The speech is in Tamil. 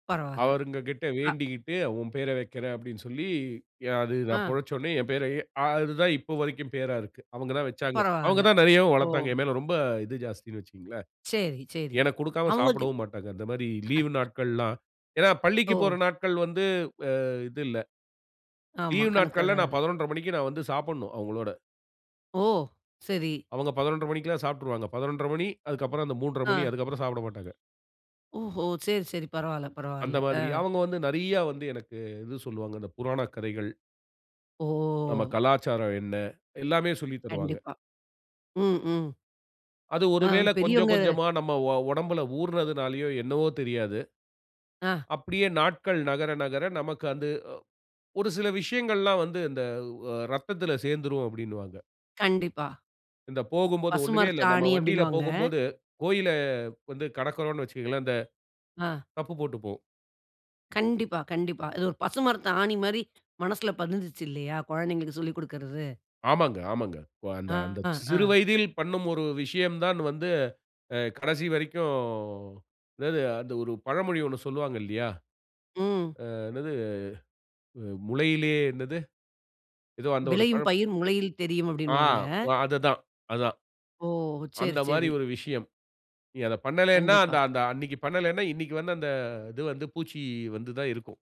பரவாயில்ல அவுங்ககிட்ட அ. வேண்டிக்கிட்டு "ஒம் பேர வைக்கிறேன்" அப்படினு சொல்லி, ய அது நான் ஆ. பொழச்சொடனே என் பேரயே அது தான் இப்ப வரைக்கும் பேரா இருக்கு. அவங்க தான் வச்சாங்க. அவங்க பரவாயில்ல, தான் நிறையவும் வளர்த்தாங்க. ஓ. என்மேல ரொம்ப இது ஜாஸ்தினு வச்சுக்கங்களேன். சரி, சரி. எனக்கு குடுக்காம அவுங்ககி சாப்பிடவும் மாட்டாங்க. இந்த மாதிரி லீவ் நாட்கள்லாம் ஏன்னா ஓ! பள்ளிக்குப் போற நாட்கள் வந்து, ஆ இது இல்ல. ஆமா, லீவ் கணக்கு நாட்கள்ல கெடையாது. நான் 11:30 a.m. மணிக்கு நான் வந்து சாப்புட்ணும், அவங்களோட. ஓ! சரி. அவுங்க 11:30 a.m. மணிக்குலாம் சாப்பிட்டுருவாங்க. 11:30 a.m. மணி, அதுக்கப்புறம் அந்த 3:30 a.m. மணி. ஆ. அதுக்கப்புறம் சாப்பிட மாட்டாங்க. ஓஹோ சரி, சரி பரவாயில்ல, அந்த பரவாயில்ல. ஆ. மாதிரி. அவங்க வந்து நிறைய வந்து எனக்கு இது சொல்வாங்க. இந்த புராணக் கதைகள் ஓ! நம்ம கலாச்சாரம் என்ன? எல்லாமே சொல்லி தருவாங்க. கண்டிப்பா. ம். ம். அது அ, ஒருவேளை கொஞ்சம் பெரியவங்க கொஞ்சமா நம்ம ஒ ஒடம்பில ஊறுனதுனாலையோ, என்னவோ தெரியாது. ஆ. அப்படியே நாட்கள் நகர, நகர நமக்கு அது ஒரு சில விஷயங்கள்லாம் வந்து, இந்த அ இரத்தத்தில சேர்ந்துடும், அப்படினுவாங்க. கண்டிப்பா. இந்த போகும்போது ஒண்ணுமே இல்ல. நம்ம பசுமரத்தாணி வண்டியில அப்படின்னுவாங்க. போகும்போது, கோயில வந்து கடக்கிறோம்னு வச்சுக்கோங்களேன். இந்த ஆ. தப்பு போட்டு போவோம். கண்டிப்பா, கண்டிப்பா. இது ஒரு பசுமரத்தாணி மாரி மனசில பதிஞ்சிச்சு இல்லையா? கொழந்தைகளுக்கு சொல்லிக் குடுக்கிறது. ஆமாங்க, ஆமாங்க. இப்ப அந்த, ஆ. அந்த சிறு ஆ. வயதில் பண்ணும் ஒரு விஷயம் தான் வந்து, அ கடைசி வரைக்கும் என்னது? அந்த ஒரு பழமொழி ஒண்ணு சொல்லுவாங்க, இல்லையா? ம். ஆ என்னது? முளையிலேயே என்னது? ஏதோ அந்த ஒரு பழ "விளையும் பயிர் முளையில் தெரியும்" ஆ. அப்படினுவாங்க. அதுதான் அதான். ஓ! சரி, அந்த மாரி சரி. ஒரு விஷயம். நீ அத பண்ணலனா, கண்டிப்பா. அந்த அந்த அன்னைக்கு பண்ணலனா, இன்னைக்கு வந்து அந்த இது வந்து, பூச்சி வந்து தான் இருக்கும்.